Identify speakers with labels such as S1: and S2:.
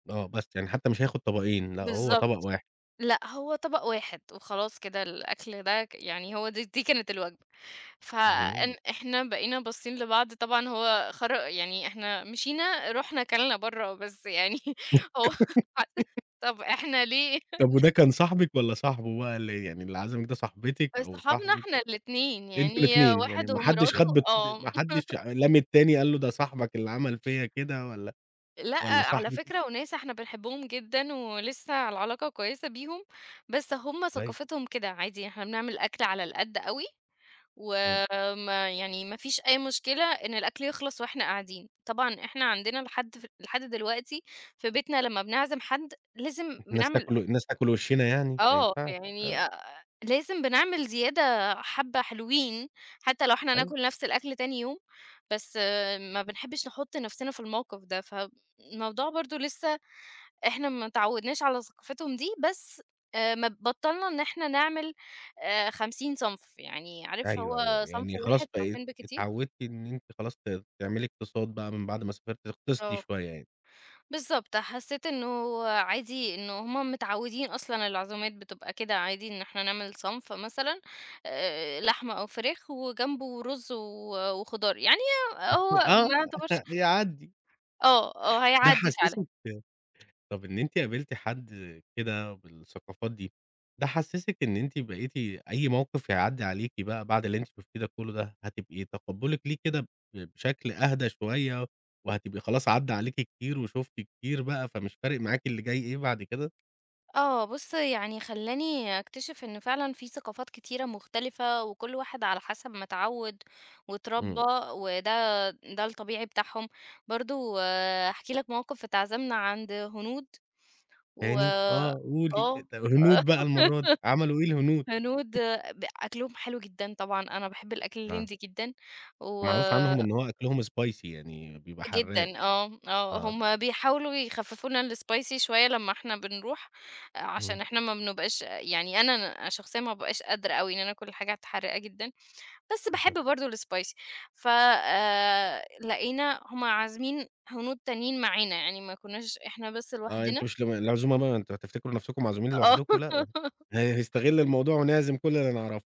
S1: آه بس، يعني حتى مش هياخد طبقين لأ هو طبق
S2: بالضبط،
S1: واحد.
S2: لأ هو طبق واحد وخلاص كده الأكل ده يعني هو د دي كانت الوجبة، ف إن
S1: اهم.
S2: إحنا بقينا باصين لبعض طبعًا هو خر يعني إحنا مشينا رُحنا أكلنا بره بس يعني هو خر طب إحنا ليه؟
S1: طب وده كان صاحبك والّا صاحبه بقي اللي يعني اللي عزمك ده صاحبتك أو
S2: صحابنا
S1: صاحبك؟
S2: إحنا الاتنين،
S1: أنتم
S2: يعني
S1: الاتنين يعني
S2: واحد
S1: ما حدش
S2: ومراته
S1: خد [unintelligible]
S2: آه
S1: ما حدش لام التاني قال له ده صاحبك اللي عمل فيا كده والّا
S2: لأ
S1: والّا
S2: على
S1: صاحبِك
S2: فكرة وناس إحنا بنحبهم جدًا ولسه العلاقة كويسة بيهم، بس هُم
S1: كويس.
S2: ثقافتهم كده، عادي إحنا بنعمل أكل على القد أوي،
S1: امم.
S2: وما يعني ما فيش أي مشكلة إن الأكل يخلص وإحنا قاعدين. طبعًا إحنا عندنا لحد ف لحد دلوقتي في بيتنا لما بنعزم حد لازم
S1: الناس
S2: بنعمل
S1: تأكل الناس تأكل وشنا يعني؟! ما
S2: آه
S1: ينفعش
S2: يعني
S1: آه.
S2: أ أ لازم بنعمل زيادة حبة حلوين، حتى لو إحنا
S1: أيوه.
S2: هناكل نفس الأكل تاني يوم، بس ما بنحبش نحط نفسنا في الموقف ده، فالموضوع برضو لسه إحنا متعودناش على ثقافتهم دي، بس مب بطَّلنا إن إحنا نعمل 50 صنف يعني عارف
S1: أيوه، أيوه،
S2: هو صنف
S1: يعني خلاص
S2: واحد
S1: بقيتِ
S2: صنفين بالكتير
S1: اتعودتِ إن أنتِ خلاص ت تعملي اقتصاد بقى من بعد ما سافرتِ تقتصدي
S2: آه.
S1: شوية يعني.
S2: بالضبط، حسيت إن هو عادي إن هُم متعودين أصلًا العزومات بتبقى كده عادي، إن إحنا نعمل صنف مثلًا، لحمة أو فراخ وجنبه رز و وخضار، يعني هي هو
S1: آه
S2: ما يعتبرش
S1: يعدي.
S2: آه، آه
S1: ده
S2: هيعدي فعلًا.
S1: حسسِك طب إن أنتِ قابلتِ حد كده بالثقافات دي، ده حسسِك إن أنتِ بقيتِ أي موقف يعدي عليكِ بقى بعد اللي أنتِ شُفتيه ده كله دهظن هتبقي تقبلك ليه كده ب بشكل أهدى شوية وهتبقى خلاص عدى عليكِ كتير وشفتِ كتير بقى فمش فارق معاكِ اللي جاي إيه بعد كده؟
S2: آه بُص يعني خلاني أكتشف إن فعلًا في ثقافات كثيرة مختلفة وكل واحد على حسب ما اتعود واتربى،
S1: امم.
S2: وده ده الطبيعي بتاعهم. برضه أحكي لك موقف اتعزمنا عند هنود و
S1: تاني! آه قولي
S2: آه
S1: طب الهنود بقى المرة دي عملوا إيه الهنود؟
S2: هنود ب أكلهم حلو جدًا طبعًا، أنا باحب الأكل
S1: آه.
S2: الهندي جدًا و
S1: معروف عنهم إن هو أكلهم Spicy يعني بيبقى حراق.
S2: جدًا، آه، آه،
S1: آه.
S2: هُم بيحاولوا يخففوا لنا الSpicy شوية لما إحنا بنروح؛ عشان
S1: آه.
S2: إحنا ما بنبقاش يعني أنا شخصيًا ما بأبقاش قادرة أوي، بعني أنا آكل حاجات حراقة جدًا، بس باحب
S1: أها.
S2: برضو الSpicy ف لقينا هُم عازمين هنود تانيين معانا، يعني ما كناش إحنا بس
S1: آه
S2: لوحدنا.
S1: أنتم مش ال العزومة ما أنتم هتفتكروا نفسكم معزومين
S2: آه
S1: لوحدكم؟ لأ ه هنستغل الموضوع ونعزم كل اللي نعرفه.